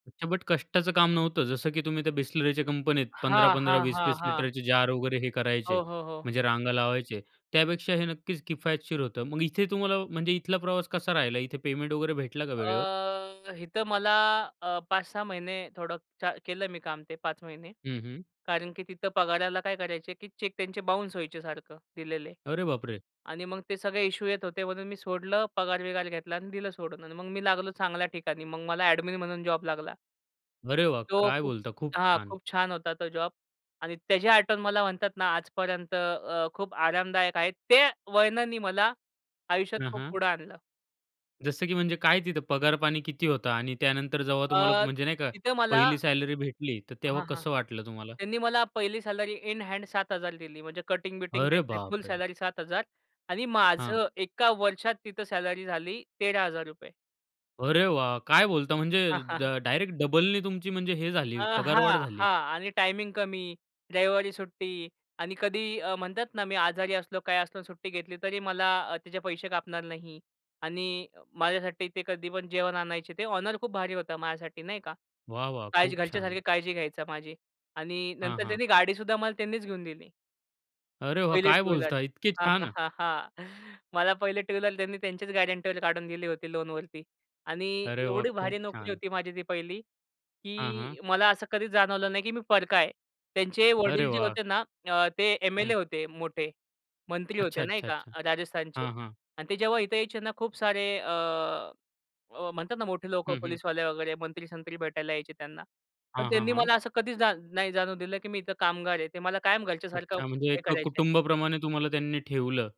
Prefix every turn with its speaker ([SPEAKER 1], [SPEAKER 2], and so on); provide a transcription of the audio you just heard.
[SPEAKER 1] अच्छा, बट कष्टाचं काम नव्हतं, जसं की तुम्ही त्या Bisleriच्या कंपनीत पंधरा
[SPEAKER 2] हां,
[SPEAKER 1] पंधरा,
[SPEAKER 2] हां,
[SPEAKER 1] वीस
[SPEAKER 2] हां,
[SPEAKER 1] वीस
[SPEAKER 2] हां.
[SPEAKER 1] लिटरचे जार वगैरे हे करायचे.
[SPEAKER 2] हो, हो, हो.
[SPEAKER 1] म्हणजे रांगा लावायचे, त्यापेक्षा हे नक्कीच किफायतशीर होतं. मग इथे तुम्हाला, म्हणजे इथला प्रवास कसा राहिला? इथे पेमेंट वगैरे भेटलं का वेळेवर?
[SPEAKER 2] अ, इथं मला अ, 5-6 महिने थोडं च्या केलं मी काम ते 5 महिने.
[SPEAKER 1] हं, हं.
[SPEAKER 2] कारण की तिथं पगाराला काय करायचे, की चेक त्यांचे बाउन्स व्हायचे, सारखं दिलेले.
[SPEAKER 1] अरे बापरे!
[SPEAKER 2] आणि मग ते सगळे इश्यू येत होते म्हणून मी सोडलं, पगार बिगार घेतला आणि दिलं सोडून आणि मग मी लागलो चांगल्या ठिकाणी. मग मला एडमिन म्हणून जॉब लागला.
[SPEAKER 1] अरे वाह!
[SPEAKER 2] तो
[SPEAKER 1] काय
[SPEAKER 2] खूप
[SPEAKER 1] बोलता? खूप
[SPEAKER 2] हा,
[SPEAKER 1] छान.
[SPEAKER 2] खूप छान होता तो जॉब आणि त्याची आठवण मला म्हणतात ना, आज पर्यंत अ, खूप आरामदायक आहे. त्या वळणानी मला आयुष्यात
[SPEAKER 1] हं,
[SPEAKER 2] खूप
[SPEAKER 1] हं.
[SPEAKER 2] पुढं आणलं.
[SPEAKER 1] जसं की म्हणजे काय तिथं पगार-पाणी किती होतं आणि त्यानंतर जेव्हा
[SPEAKER 2] अ,
[SPEAKER 1] तुम्हाला म्हणजे नाही, का
[SPEAKER 2] तिथं मला
[SPEAKER 1] पहिली सॅलरी भेटली, तर तेव्हा
[SPEAKER 2] हां, हां.
[SPEAKER 1] कसं वाटलं तुम्हाला?
[SPEAKER 2] त्यांनी मला पहिली सॅलरी इन हँड 7000 दिली. म्हणजे कटिंग बिटिंग
[SPEAKER 1] अरे
[SPEAKER 2] काहीच नाही. फुल
[SPEAKER 1] बापरे!
[SPEAKER 2] सॅलरी 7000 आणि
[SPEAKER 1] हां.
[SPEAKER 2] माझं 1 वर्षात तिथं सॅलरी झाली 13000 रुपये.
[SPEAKER 1] अरे वाह! काय बोलता म्हणजे,
[SPEAKER 2] हां,
[SPEAKER 1] ड
[SPEAKER 2] हां.
[SPEAKER 1] डायरेक्ट डबलनी तुमची म्हणजे हे
[SPEAKER 2] अ,
[SPEAKER 1] झाली, पगारवाढ
[SPEAKER 2] हां,
[SPEAKER 1] झाली.
[SPEAKER 2] हां. आणि टायमिंग कमी रविवारी सुट्टी आणि कधीही म्हणतात ना, मी आजारी असलो, काय असलो सुट्टी घेतली, तरी मला त्याचे अ, पैसे कापणार नाही. आणि माझ्यासाठी ते कधी पण जेवण आणायचे, ते ऑनर खूप भारी होतं माझ्यासाठी नाही का.
[SPEAKER 1] वाह, वाह!
[SPEAKER 2] काळजी
[SPEAKER 1] खूप छान.
[SPEAKER 2] घरच्यासारखी काळजी घ्यायचं माझी आणि
[SPEAKER 1] हां,
[SPEAKER 2] नंतर
[SPEAKER 1] हां.
[SPEAKER 2] त्यांनी गाडीसुद्धा मला त्यांनीच घेऊन दिली.
[SPEAKER 1] अरे वाह!
[SPEAKER 2] पहिली
[SPEAKER 1] काय
[SPEAKER 2] टू व्हीलर.
[SPEAKER 1] बोलता? इतके
[SPEAKER 2] हा, हा,
[SPEAKER 1] छान.
[SPEAKER 2] हा, हा. मला पहिले टू व्हीलर. त्यांनी त्यांचेच गॅरंटीवर काढून दिली होती लोन वरती. आणि
[SPEAKER 1] अरे वाह!
[SPEAKER 2] एवढी
[SPEAKER 1] खूप
[SPEAKER 2] भारी नोकरी
[SPEAKER 1] छान.
[SPEAKER 2] होती माझी ती पहिली,
[SPEAKER 1] हां, हां.
[SPEAKER 2] की मला असं कधीच जाणवलं नाही, की मी परका आहे. त्यांचे
[SPEAKER 1] अरे
[SPEAKER 2] वडील जे
[SPEAKER 1] वाह!
[SPEAKER 2] होते ना, ते
[SPEAKER 1] हं.
[SPEAKER 2] एम-एल-ए होते मोठे. मंत्री
[SPEAKER 1] अच्छा,
[SPEAKER 2] होते नाही
[SPEAKER 1] अच्छा,
[SPEAKER 2] का
[SPEAKER 1] अच्छा.
[SPEAKER 2] राजस्थानचे
[SPEAKER 1] हां, हां.
[SPEAKER 2] आणि ते जेव्हा इथे यायचे ना, खूप सारे, अ, म्हणतात ना, मोठे लोकं
[SPEAKER 1] हं, हं.
[SPEAKER 2] पोलिसवाले वगैरे मंत्री, संत्री भेटायला यायचे त्यांना. पण
[SPEAKER 1] हां, हां,
[SPEAKER 2] त्यांनी
[SPEAKER 1] हां.
[SPEAKER 2] मला असं कधीचजान नाही जाणू दिलं, की मी इथं कामगार आहे. ते मला कायम घरच्यासारखं
[SPEAKER 1] अच्छा म्हणजे,
[SPEAKER 2] हे
[SPEAKER 1] एका
[SPEAKER 2] करायचे.
[SPEAKER 1] कुटुंबाप्रमाणे तुम्हाला त्यांनी ठेवलं.